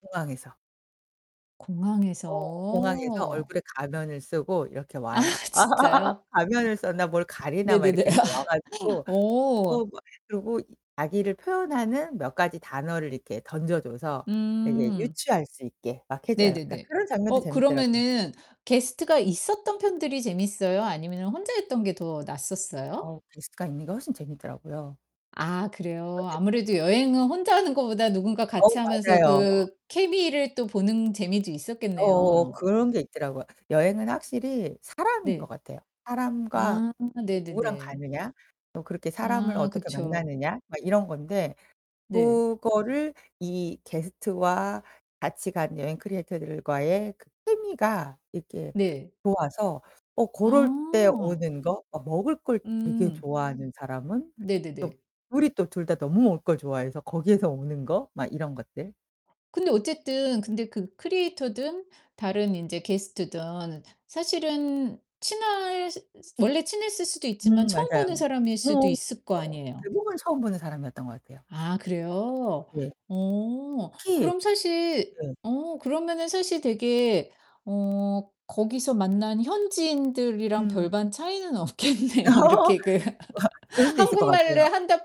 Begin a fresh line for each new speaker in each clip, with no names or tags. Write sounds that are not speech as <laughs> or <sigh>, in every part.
공항에서.
공항에서.
어 공항에서 얼굴에 가면을 쓰고 이렇게
아
와요. <laughs>
진짜요?
가면을 썼나 뭘 가리나 막
네네네.
이렇게 해서 와 가지고
<laughs>
어
오.
막 그리고 이 자기를 표현하는 몇 가지 단어를 이렇게 던져줘서 되게
음.
유추할 수 있게 막 해줘요. 그러니까
네네네.
그런 장면도
어
재밌더라고요.
그러면은 게스트가 있었던 편들이 재밌어요, 아니면은 혼자 했던 게 더 낫었어요?
어 게스트가 있는 게 훨씬 재밌더라고요.
아,
어
그래요.
네.
아무래도 여행은 혼자 하는 거보다 누군가 같이
어우,
하면서
맞아요.
그 케미를 또 보는 재미도
어.
있었겠네요.
그런 게 있더라고요. 여행은 확실히 사람인 것
네.
같아요. 사람과
아
또 누구랑
네네네.
가느냐. 또 그렇게 사람을
아
어떻게
그쵸.
만나느냐? 막 이런 건데.
네.
그거를 이 게스트와 같이 간 여행 크리에이터들과의 그 케미가 이렇게
네.
좋아서 어 그럴 때
아.
오는 거 어 먹을 걸 되게
음.
좋아하는 사람은 또
네네네.
둘이 또 둘 다 너무 먹을 걸 좋아해서 거기에서 오는 거 막 이런 것들.
근데 어쨌든 근데 그 크리에이터든 다른 인제 게스트든 사실은 친하실 원래 친했을 수도 있지만
음,
처음 보는
맞아요.
사람일 수도
어
있을 거
<unintelligible>
아니에요.
대부분 처음 보는 사람이었던 것 같아요.
아,
어
그래요?
네.
어.
특히
그럼 사실
예.
어 그러면은 사실 되게 어 거기서 만난 현지인들이랑
음.
별반 차이는 없겠네요.
<laughs> 어
이렇게 그
그럴
<laughs>
수도 있을 것
한국말로
같아요.
한다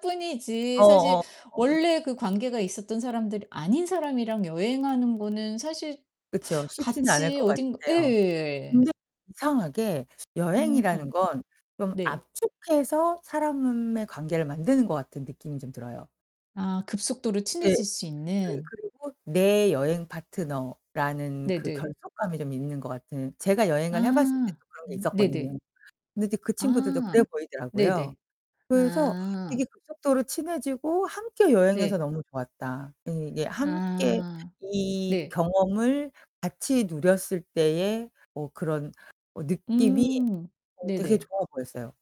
어
뿐이지 사실
어. 어.
원래 그 관계가 있었던 사람들이 아닌 사람이랑 여행하는 거는 사실
그쵸. 쉽진 않을
같이
것
어딘가
같아요.
예.
근데 이상하게
음.
여행이라는 건 좀
네.
압축해서 사람의 관계를 만드는 것 같은 느낌이 좀 들어요.
아 급속도로
네.
친해질 수
그
있는.
그리고 내 여행 파트너라는 그
네네.
결속감이 좀 있는 것 같은 제가 여행을 해봤을
아
때도 그런 게
네네.
있었거든요. 근데 이제 그 친구들도 그래
아
보이더라고요.
네네.
그래서 이게
아.
급속도로 친해지고 함께 여행해서
네.
너무 좋았다. 예 이게 함께
아
이
네.
경험을 같이 누렸을 때에 뭐 그런 어 느낌이
음
어 되게
네네.
좋아 보였어요.